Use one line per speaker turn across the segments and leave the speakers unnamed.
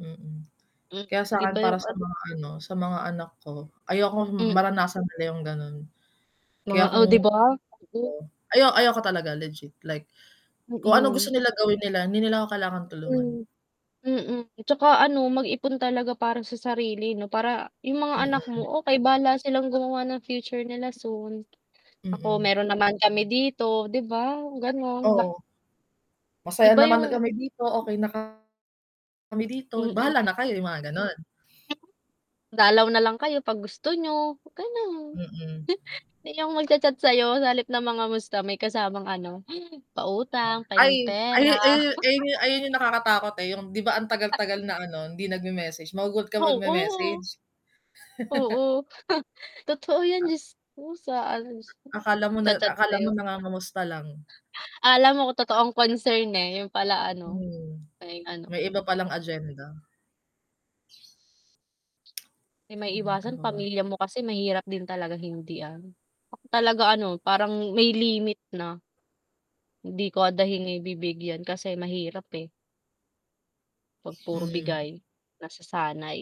Hmm.
Hmm,
Kaya sa
iba
'kin para
yung
sa
ano
mga ano, sa mga anak ko, ayokong
Mm.
maranasan nila yung ganon. Kaya
Mga oh,
kung
'di ba? [unintelligible]
[unintelligible] ayaw ayaw ko talaga legit, like, kung ano gusto
Hmm.
nila gawin nila, hindi nila ako kailangan tulungan.
Hmm, hmm, 'tsaka ano mag-ipon talaga para sa sarili 'no, para yung mga anak mo
Hmm.
okey bahala silang gumawa ng future nila soon. Ako
Mm.
meron naman kami dito, 'di ba? Ganun ba.
Oo. Masaya
Iba
naman
yung
kami dito, okey na ka kami dito
Hmm.
bahala na kayo yung mga ganon.
[unintelligible] Dalaw na lang kayo 'pag gusto niyo, ganun.
Hmm.
Yung magcha-chat sa 'yo sa halip na mangamusta, may kasamang ano, pautang,
Ay
pahinging
ay
pera.
ay ayu ayun yung nakakatakot eh, yung 'di ba ang
[unintelligible]
tagal-tagal na ano, hindi nagme-message magugulat ka
Oo.
magme-message.
Oo. Totoo yan
Ah
jusko sa ano
A akala mo
[unintelligible]
na
cha-chat
akala
sayo.
mo
[unintelligible]
nangangamusta lang.
Alam mo kung totoong concern eh, yun pala ano,
Hmm,
may ano.
may iba palang agenda.
'Di
Ayan, ano
maiiwasan
pa ba?
pamilya mo kasi, mahirap din talaga hindi-an. Talaga ano, parang may limit na. Hindi ko [unintelligible] bibigyan kasi mahirap eh 'pag puro
Hmm.
bigay. Nasasanay.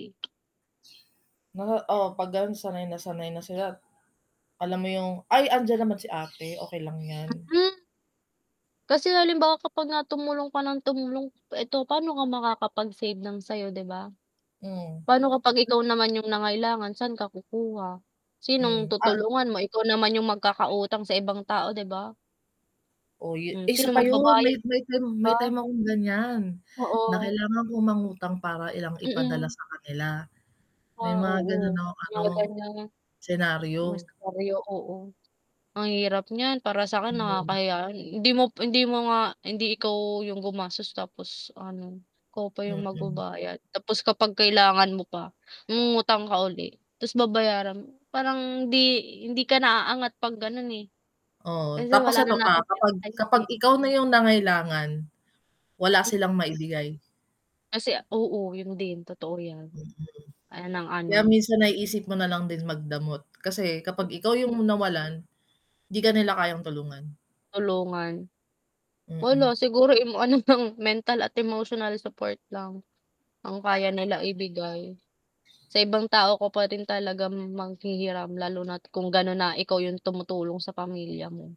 Na oo 'pag ganun sanay na sanay na sila. Alam mo yung "Ay andiyan naman si ate okey lang yan."
Hmm. Kasi halimbawa kapag nga tumulong ka ng tumulong, ito pano ka makakapag-save ng sayo, 'di ba?
Hmm.
Paano kapag ikaw
[unintelligible]
naman yung nangailangan? Saan ka kukuha? Sinong
Hmm, ah
tutulungan mo ikaw naman yung magkakautang sa ibang tao, 'di ba?
Oo yu
Hmm
isa
sino
pa yun,
magbabayad.
may
'Di
may may
ba?
time akong ganyan. Na
Oo.
kailangan kong mangutang para lang ipadala
Mm.
sa kanila. May
Ah
mga ganon
oo.
akong ano,
Mga ganyan.
senario.
Mas karyo oo, ang hirap niyan para sa 'kin
[unintelligible]
nakakahiya hindi mo hindi mo nga, hindi ikaw yung gumasos, tapos ano, ikaw pa yung
Mm.
magbabayad. Tapos kapag kailangan mo pa, mangungutang ka uli, tapos babayaran mo. Parang hindi hindi ka na aangat 'pag ganon eh.
Oo,
Kasi
tapos
wala
eto
na
pa,
natin
kapag kapag
[unintelligible]
ikaw na yung nangailangan, wala silang
Hmm.
maibigay.
Kasi a oo yun din totoo yan.
Hmm.
Ay ng
Kaya
ano
minsan naiisip mo nalang din magdamot kasi, kapag ikaw yung
Hmm.
nawalan, 'di ka nila kayang tulungan.
Tulungan.
Hmm.
Wala, siguro ano nang mental at emotional support lang, ang kaya nila ibibigay. Sa ibang tao ko pa rin talagang maghihiram, lalo na't kung ganun na ikaw yung tumutulong sa pamilya mo.